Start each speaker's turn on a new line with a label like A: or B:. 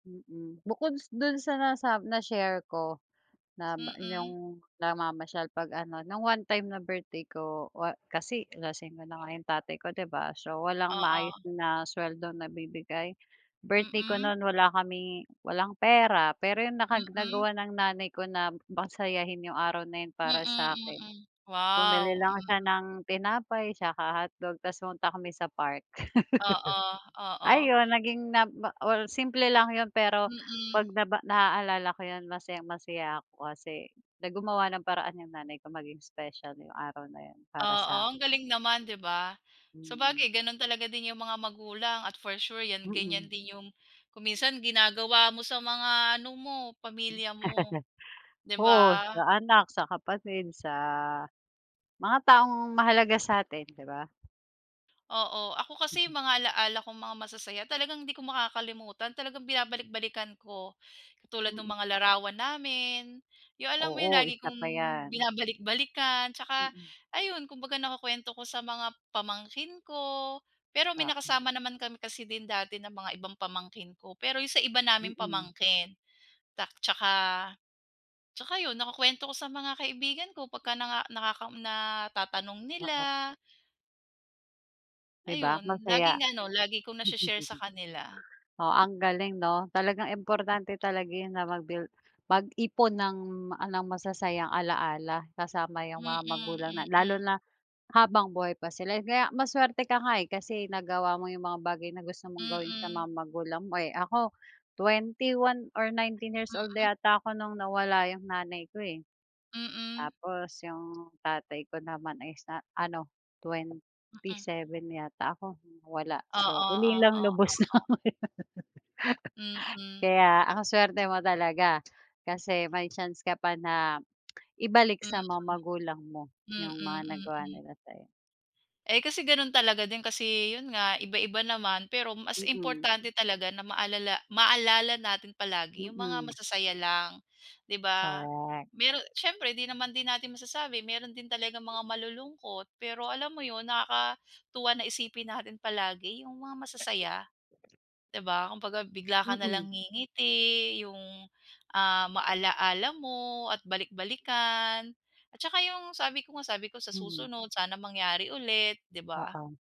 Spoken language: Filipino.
A: Mm. Bukod s 'don sa nasa na-share ko na
B: Mm.
A: 'yong namamasyal 'pag ano, nung one time na birthday ko, wa kasi lasingero na nga tatay ko, 'di ba? So, walang maayos
B: Oo.
A: na suweldong nabibigay. Birthday ko
B: Mm.
A: no'n wala kaming walang pera, pero 'yong
B: Mm.
A: nagawa ng nanay ko na pasayahin 'yong araw na 'yon
B: Mm,
A: para sa'kin.
B: mm.
A: Bumili
B: Wow!
A: lang siya
B: Mm.
A: ng tinapay tsaka hotdog tapos pumunta kami sa park.
B: Oo, oo.
A: Ayun naging na or simple lang yun, pero
B: Mm.
A: 'pag naba naaalala ko yun masayang-masaya ako kasi na gumawa ng paraan yung nanay ko maging special yung araw na yun para
B: Oo,
A: sa'kin.
B: ang galing naman, 'di ba?
A: Mm.
B: Sabagay gano'n talaga din 'yong mga magulang at for sure 'yan ganyan
A: Mm.
B: din 'yong kung minsan ginagawa mo sa mga ano mo,
A: M
B: pamilya mo, 'di
A: oo.
B: ba?
A: Sa anak, sa kapatid, sa mga taong mahalaga sa'tin, 'di ba?
B: Oo. Ako kasi
A: Mhm.
B: mga alaala kong mga masasaya talagang hindi ko makakalimutan, talagang binabalik-balikan ko. Katulad nung
A: Mm.
B: mga larawan namin, yung alam mo yun,
A: Oo,
B: lagi
A: isa
B: kong
A: pa 'yan.
B: binabalik-balikan. Tsaka
A: Mm.
B: ayun, kumbaga nakukuwento ko sa mga pamangkin ko. Pero may
A: Oo.
B: nakasama naman kami kasi din dati ng mga ibang pamangkin ko, pero yung sa iba naming
A: Mm.
B: pamangkin. Tak tsaka tsaka yun nakukuwento ko sa mga kaibigan ko pagka naka natatanong
A: Oo.
B: nila.
A: 'Di ba
B: Ayun,
A: masaya?
B: laging ano, lagi kong nashe-share sa kanila.
A: Oo, ang galing 'no? Talagang importante talaga 'yon na mag-build mag-ipon ng ala masasayang alaala kasama yung mga
B: Mm,
A: magulang na lalo
B: mm.
A: na habang buhay pa sila. Kaya masuwerte ka nga, eh, kasi nagawa mo yung mga bagay na gusto mong gawin sa
B: Mm.
A: mga magulang mo. Eh, ako twenty one or nineteen years old
B: Mm.
A: yata ako nung nawala yung nanay ko eh.
B: Mm.
A: Tapos yung tatay ko naman ay sa ano, twenty
B: Mm.
A: seven yata ako? Wala.
B: Oo,
A: So,
B: oo,
A: ulilang
B: oo.
A: lubos na.
B: Mm.
A: Kaya ang suwerte mo talaga kasi may chance ka pa na ibalik
B: Mm.
A: sa mga magulang mo yung mga
B: Mm,
A: nagawa
B: mm.
A: nila sa'yo.
B: Eh, kasi gano'n talaga din kasi 'yon nga iba-iba naman, pero mas
A: Mm.
B: importante talaga na maalala maalala natin palagi 'yong mga
A: Mm.
B: masasaya lang, 'di ba?
A: Correct.
B: Meron siyempre 'di naman din natin masasabi, meron din talagang mga malulungkot. Pero alam mo 'yon, nakakatuwa na isipin natin palagi yung mga masasaya, 'di ba? Kumbaga, bigla ka
A: Mm.
B: nalang ngingiti, yung, ah, maala-ala mo at balik-balikan. At tsaka yung sabi ko nga, sabi ko sa
A: Mhm.
B: susunod sana mangyari ulit, 'di ba?
A: Oo.